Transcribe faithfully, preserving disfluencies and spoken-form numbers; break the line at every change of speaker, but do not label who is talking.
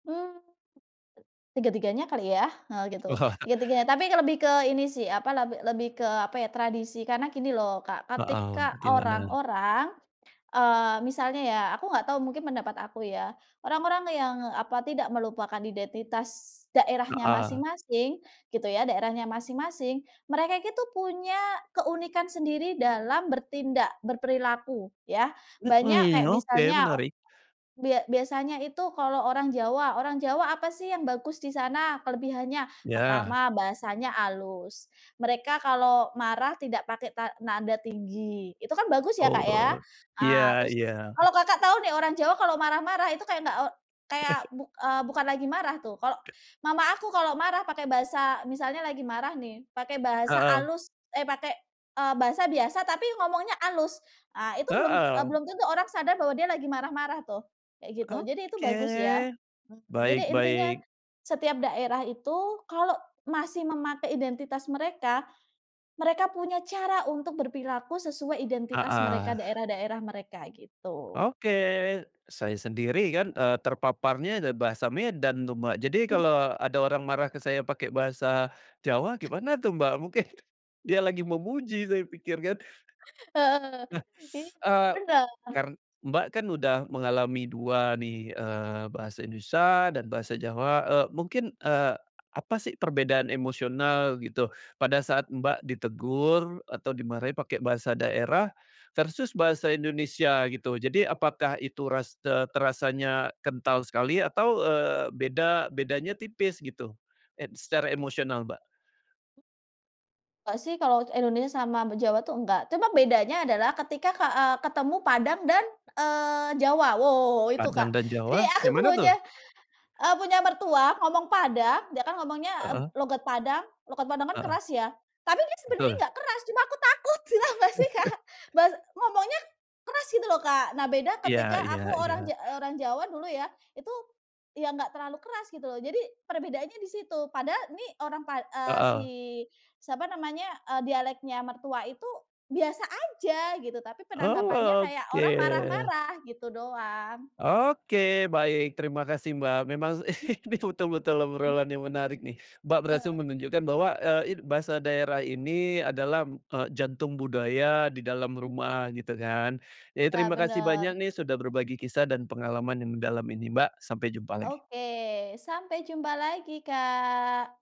Eee, tiga-tiganya kali ya? Heeh, gitu,
Wah.
tiga-tiganya, tapi lebih ke ini sih apa, leb lebih ke apa ya, tradisi. Karena gini loh, Kak,
Heeh,
ketika
gimana?
orang-orang eee, misalnya ya, aku nggak tahu, mungkin pendapat aku ya, orang-orang yang apa tidak melupakan identitas daerahnya
Heeh.
masing-masing gitu ya, daerahnya masing-masing, mereka itu punya keunikan sendiri dalam bertindak, berperilaku ya. Banyak
Mmm,
kayak
oke
misalnya,
menarik.
bia biasanya itu kalau orang Jawa, orang Jawa apa sih yang bagus di sana kelebihannya?
Iya.
Pertama, bahasanya halus, mereka kalau marah tidak pakai ta nada tinggi, itu kan bagus ya, Kak, ya.
Oh,
Nah,
iya
terus
iya.
kalau Kakak tahu nih orang Jawa kalau marah-marah itu kayak nggak e kayak buk eee, bukan lagi marah tuh. Kalau mama aku kalau marah pakai bahasa misalnya lagi marah nih pakai bahasa
Heeh.
halus eh, pakai, eee, bahasa biasa tapi ngomongnya halus, eee, itu belum eee,
Heeh.
belum tentu orang sadar bahwa dia lagi marah-marah tuh, kayak gitu, jadi itu bagus ya.
Oke,
Mhm, jadi
baik
intinya
baik.
setiap daerah itu kalau masih memakai identitas mereka, mereka punya cara untuk berperilaku sesuai identitas mereka,
Heeh.
daerah-daerah mereka gitu.
Oke, saya sendiri kan, eee, terpaparnya ada bahasa Medan tuh, Mbak. Jadi
Hmm.
kalau ada orang marah ke saya pakai bahasa Jawa gimana tuh, Mbak? Mungkin dia lagi memuji saya pikir kan.
Heeh,
Nah,
iya
eee,
bener.
kar Mbak, kan udah mengalami dua nih, eee, bahasa Indonesia dan bahasa Jawa,
Mmm.
eee, mungkin, eee, apa sih perbedaan emosional gitu pada saat Mbak ditegur atau dimarahin pakai bahasa daerah versus bahasa Indonesia gitu? Jadi apakah itu ras te terasanya kental sekali atau, eee, beda bedanya tipis gitu ed secara emosional, Mbak?
Nggak sih, kalau Indonesia sama be Jawa tuh enggak, cuma bedanya adalah ketika ka eee, ketemu Padang dan, eee, Jawa, wow wow wow, itu,
Padang
Kak.
dan
Jadi
Jawa,
aku
kayak mana tuh?
punya eee, punya mertua ngomong Padang, dia kan ngomongnya
Heeh.
logat Padang, logat Padang kan
Heeh.
keras ya, tapi dia sebenarnya
Betul.
nggak keras, cuma aku takut tau gak sih, Kak? Bahas ngomongnya keras gitu loh, Kak. Nah, beda
Iya
ketika
iya
aku orang
iya.
ja orang Jawa dulu ya, itu ya enggak terlalu keras gitu loh. Jadi perbedaannya di situ, padahal nih orang pa eee, si
Heeh.
siapa namanya, eee, dialeknya mertua itu biasa aja gitu tapi
Oh,
penanggapannya kayak orang
oke.
marah-marah, gitu doang.
Oke baik, terima kasih, Mbak, memang
Mmm.
ini betul-betul
Mmm.
obrolan yang menarik nih. Mbak, berhasil
Eee.
menunjukkan bahwa, eee, it bahasa daerah ini adalah, eee, jantung budaya di dalam
Mmm.
rumah gitu kan. Jadi,
Iya,
terima kasih
bener.
banyak nih sudah berbagi kisah dan pengalaman yang dalam ini, Mbak, sampai jumpa lagi.
Oke, sampai jumpa lagi, Kak.